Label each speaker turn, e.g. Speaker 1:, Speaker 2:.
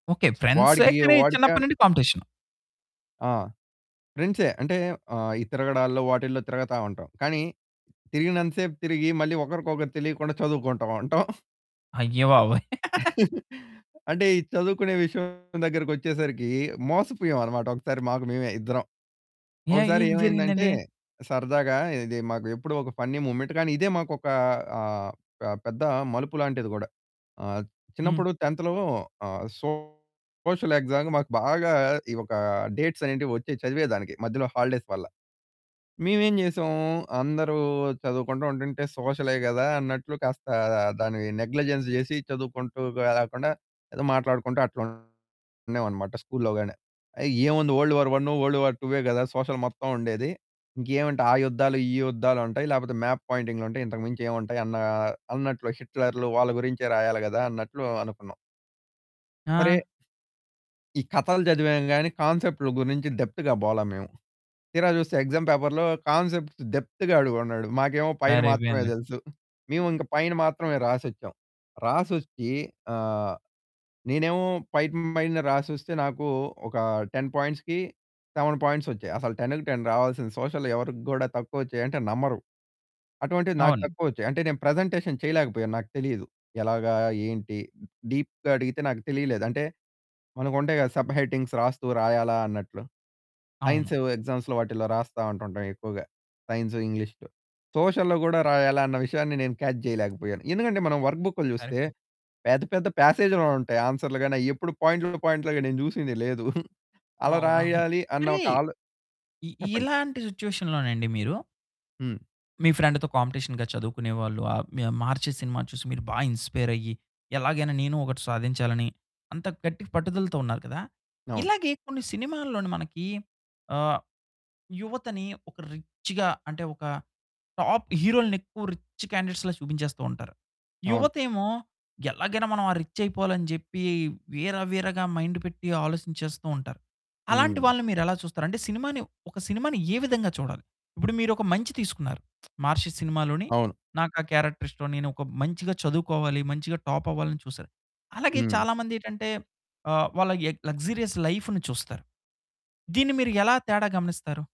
Speaker 1: Okay. ఫ్రెండ్సే
Speaker 2: వాడికియ
Speaker 1: కానీ చిన్నప్పటి
Speaker 2: వాడికన్
Speaker 1: నుండి కాంపిటీషను.
Speaker 2: ఆ! ఫ్రెండ్సే. అంటే ఆహ్, ఈ తిరగడాల్లో, వాటిల్లో తిరుగుతా ఉంటాం. కానీ తిరిగినంత సేపు తిరిగి, మళ్ళీ ఒకరికొకరు తెలియకుండా చదువుకుంటా ఉంటాం.
Speaker 1: అయ్యో బాబోయ్!
Speaker 2: అంటే ఈ చదువుకునే విషయం దగ్గరకొచ్చేసరికి మోసపోయామన్నమాట. ఒక్కసారి మాకు మేమే ఇద్దరం.
Speaker 1: ఏ
Speaker 2: ఒకసారి
Speaker 1: ఏం
Speaker 2: ఏమైందంటే,
Speaker 1: జరిగిందండి?
Speaker 2: సరదాగా ఇది మాకు ఎప్పుడూ ఒక ఫన్నీ ముమెంట్ కానీ ఇదే మాకు ఒక ఆహ్, ఆహ్, పెద్ద మలుపు లాంటిది గూడా. ఆహ్,
Speaker 1: హ్మ్.
Speaker 2: చిన్నప్పుడు 10థ్‌లో ఆహ్, సోషల్ ఎక్సామ్‌కి మాకు బాగా ఈ ఒక డేట్స్ అనేటివి వచ్చి చదివేదానికి మధ్యలో హాలిడేస్ వల్ల. మేమేం జేసాం, అందరూ చదువుకుంటూ ఉంటుంటే సోషలే గదా! అన్నట్లు కాస్త దాన్ని నెగ్లిజెన్స్ చేసి చదువుకుంటూ లేకుండా ఏదో మాట్లాడుకుంటూ అట్లా ఉన్నామన్నమాట స్కూలులో గాని. ఆ! ఏముంది వరల్డ్ వార్ 1, వరల్డ్ వార్ 2యే ఏ గదా! సోషల్ మొత్తముండేది. ఇంకేమంటాయి ఆ యుద్ధాలు, ఈ యుద్ధాలుంటాయి. లేకపోతే మాప్ పాయింటింగ్లుంటాయి. ఇంతకు మించి ఏముంటాయన్న, అన్నట్లు హిట్లర్లు వాళ్ళ గురించే రాయాలి గదా! అన్నట్లు అనుకున్నాం.
Speaker 1: ఆ!
Speaker 2: సరే ఈ కథలు చదివాం గాని కాన్సెప్ట్లు గురించి డెప్త్‌గా పోలా మేము. తీరా చూస్తే ఎక్సామ్ పేపర్‌లో కాన్సెప్ట్ డెప్త్ అడిగున్నాడు. మాకేమో పైన మాత్రమే
Speaker 1: సరిపోయింది.
Speaker 2: తెలుసు, మేమింక పైన మాత్రమే రాసొచ్చాం. రాసొచ్చి ఆహ్, నేనేమో పైన పైన రాసొస్తే నాకు ఒక 10 పాయింట్స్‌కి, 7 పాయింట్స్ వచ్చాయి. అసలు 10కి 10 రావాల్సింది. సోషల్ ఎవరికి కూడా తక్కువ వచ్చాయంటే నమ్మరు. అటువంటివి నాకు
Speaker 1: అవును.
Speaker 2: తక్కువ వచ్చాయి. అంటే నేను ప్రజెంటేషన్ చేయలేకపోయాను, నాకు తెలీదు. ఎలాగా, ఏంటి డీప్‌గా అడిగితే నాకు తెలియలేదు. అంటే మనకు ఉంటాయి గదా! సబ్ హెడ్డింగ్స్ రాస్తూ, రాయాలా అన్నట్లు.
Speaker 1: అవును.
Speaker 2: సైన్స్ ఎగ్జామ్స్‌లో వాటిలో రాస్తా ఉంటాం ఎక్కువగ. సైన్స్, ఇంగ్లీష్‌లో. సోషల్‌లో కూడా రాయాలన్న విషయాన్ని నేను కాచ్ చేయలేకపోయాను. ఎందుకంటే మనం వర్క్ బుక్లు చూస్తే,
Speaker 1: సరిపోయింది.
Speaker 2: పెద్ద పెద్ద పాసేజ్‌లో ఉంటాయి, ఆన్సర్‌లు గాని, అవెప్పుడు పాయింట్ పాయింట్లగా నేను చూసింది లేదు. అలా
Speaker 1: అవునవును.
Speaker 2: రాయాలి అన్న
Speaker 1: మరి
Speaker 2: ఒక ఆలో
Speaker 1: ఇ
Speaker 2: చెప్పండి.
Speaker 1: ఇలాంటి సిట్యుయేషన్ లోనండి మీరు
Speaker 2: హ్మ్.
Speaker 1: మీ ఫ్రెండ్‌తో కాంపిటీషన్‌గా చదువుకునేవాళ్ళు ఆహ్, 'మహర్షి' సినిమా చూసి మీరు బాగా ఇన్‌స్పైర్ అయ్యి, ఎలాగైనా నేను ఒకటి సాధించాలని అంత గట్టిగా పట్టుదలతో ఉన్నారు కదా!
Speaker 2: అవును.
Speaker 1: ఇలాగే కొన్ని సినిమాల్లోను మనకి ఆహ్, యువతని ఒక రిచ్చ్‌గా అంటే ఒక టాప్ హీరోలని ఎక్కువ రిచ్చ్ క్యాండిడేట్స్‌లా చూపించేస్తూ ఉంటారు.
Speaker 2: అవును.
Speaker 1: యువతేమో ఎలాగైనా మనం ఆ రిచ్ అయిపోవాలని చెప్పి, వీర వీరగా మైండ్ పెట్టి ఆలోచించేస్తూ ఉంటారు. అలాంటి
Speaker 2: హ్మ్.
Speaker 1: వాళ్ళని మీరెలా చూస్తారు? అంటే సినిమాని, ఒక సినిమాని ఏ విధంగా చూడాలి? ఇప్పుడు మీరు ఒక మంచి తీసుకున్నారు మహర్షి సినిమాలోని
Speaker 2: అవును.
Speaker 1: నాకా క్యారెక్టర్ ఇష్టం. నేను ఒక మంచిగా చదువుకోవాలి, మంచిగా టాప్ అవ్వాలని చూసారు. అలాగే
Speaker 2: హ్మ్.
Speaker 1: చాలామంది ఏంటంటే ఆహ్, వాళ్ళ ఎ లక్సూరియస్ లైఫ్‌ని చూస్తారు. దీన్ని మీరెలా తేడా గమనిస్తారు?